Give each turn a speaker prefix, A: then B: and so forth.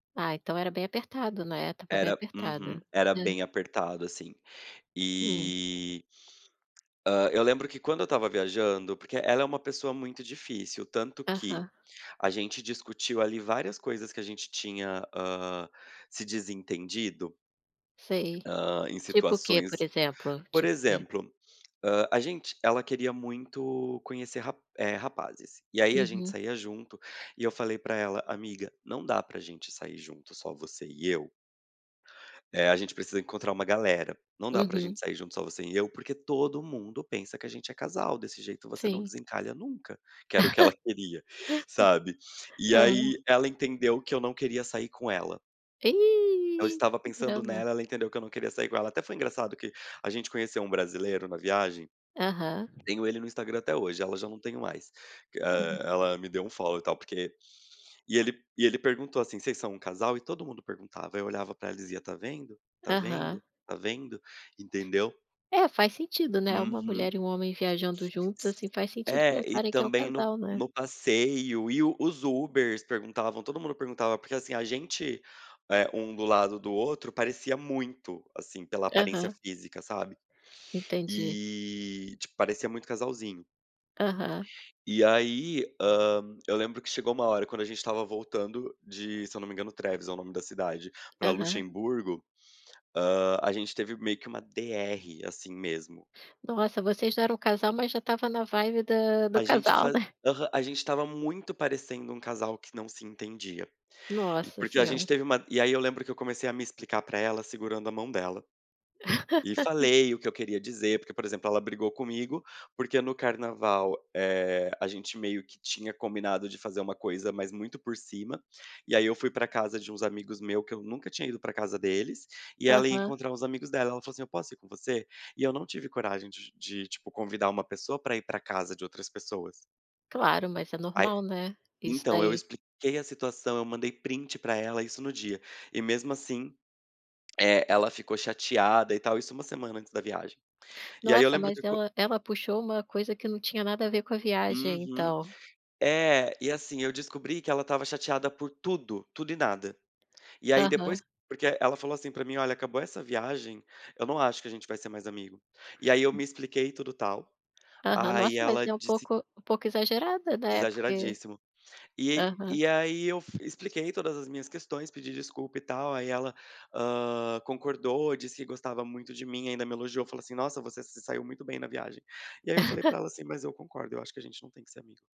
A: Ah então era bem apertado, né, tava bem
B: Era uhum.
A: apertado.
B: Era
A: Hum.
B: bem apertado assim.
A: Hum.
B: E Hã ,eu lembro que quando eu estava viajando, porque ela é uma pessoa muito difícil tanto que,
A: Aham.
B: a gente discutiu ali várias coisas que a gente tinha, hã, se desentendido
A: Sei.
B: hã, em
A: Tipo o que por
B: situações que,
A: exemplo?
B: por
A: Tipo o quê?
B: exemplo, hã, a gente ela queria muito conhecer rap eh, rapazes, e aí a gente
A: Uhum.
B: saía junto, e eu falei pra ela: “Amiga, não dá pra gente sair junto só você e eu” "eh, a gente precisa encontrar uma galera, não dá pra
A: Uhum.
B: gente sair junto só você e eu, porque todo mundo pensa que a gente é casal desse jeito, você não
A: Sim.
B: desencalha nunca", que era o que ela queria, sabe. E
A: Aham.
B: aí ela entendeu que eu não queria sair com ela. Eu
A: Ih,
B: estava
A: que
B: pensando
A: drama.
B: nela, ela entendeu que eu não queria sair com ela. Até foi engraçado que a gente conheceu um brasileiro na viagem,
A: Aham.
B: tenho ele no Instagram até hoje, ela já não tenho mais.
A: Ah.
B: Ela me deu unfollow e tal, porque E ele e ele perguntou assim: "Vocês são um casal?" E todo mundo perguntava, eu olhava pra ela e dizia: "Está vendo? Está
A: Aham.
B: vendo? Está vendo? Entendeu?".
A: É faz sentido, né, uma mulher
B: Uhum.
A: e um homem viajando juntos assim faz sentido
B: É, e
A: pensarem que é um
B: também no
A: casal, né.
B: no passeio e e os Ubers perguntavam, todo mundo perguntava, porque assim a gente, eh, um do lado do outro parecia muito assim pela aparência
A: Aham.
B: física, sabe.
A: Entendi.
B: E, tipo parecia muito casalzinho.
A: Aham.
B: E aí, hã, eu lembro que chegou uma hora quando a gente estava voltando de, se eu não me engano, Trevis é o nome da cidade, pra
A: Aham.
B: Luxemburgo, hã, a gente teve meio que uma DR assim mesmo.
A: Nossa vocês não eram casal mas já estava na vibe da do
B: A gente
A: casal,
B: fa
A: né.
B: a gente estava muito parecendo um casal que não se entendia. E
A: Nossa
B: porque a gente
A: senhora.
B: teve uma e aí eu lembro que eu comecei a me explicar pra ela, segurando a mão dela. E falei o que eu queria dizer, porque, por exemplo, ela brigou comigo porque no carnaval, eh, a gente meio que tinha combinado de fazer uma coisa, mas muito por cima, e aí eu fui pra casa de uns amigos meus que eu nunca tinha ido pra casa deles, e ela ia
A: Aham.
B: encontrar uns amigos dela. Ela falou assim: “Eu posso ir com você?”. E eu não tive coragem de, tipo, convidar uma pessoa pra ir pra casa de outras pessoas.
A: Clarom mas é
B: Aí
A: normal, né, isso
B: então eu
A: daí.
B: expliquei a situação, eu mandei print pra ela isso no dia, e mesmo assim, eh, ela ficou chateada e tal, isso uma semana antes da viagem. E aí eu
A: Nossa
B: lembro
A: mas
B: que quan
A: ela ela puxou uma coisa que não tinha nada a ver com a viagem
B: Uhum,
A: então.
B: é, e assim eu descobri que ela estava chateada por tudo, tudo e nada. E aí
A: Aham.
B: depois, porque ela falou assim pra mim: “Olha, acabou essa viagem, eu não acho que a gente vai ser mais amigo”. E aí eu
A: Hum.
B: me expliquei tudo e tal.
A: Aham
B: Aí
A: nossa mas
B: ela
A: é um
B: disse
A: pouco um pouco exagerada, né, porque
B: Exageradíssimo, eh,
A: Aham.
B: e aí eu expliquei todas as minhas questões, pedi desculpa e tal. Aí ela, hã, concordou, disse que gostava muito de mim, ainda me elogiou, falou assim: “Nossa, você se saiu muito bem na viagem”. E aí eu falei pra ela assim: “Mas eu concordo, acho que a gente não tem que ser amigo”.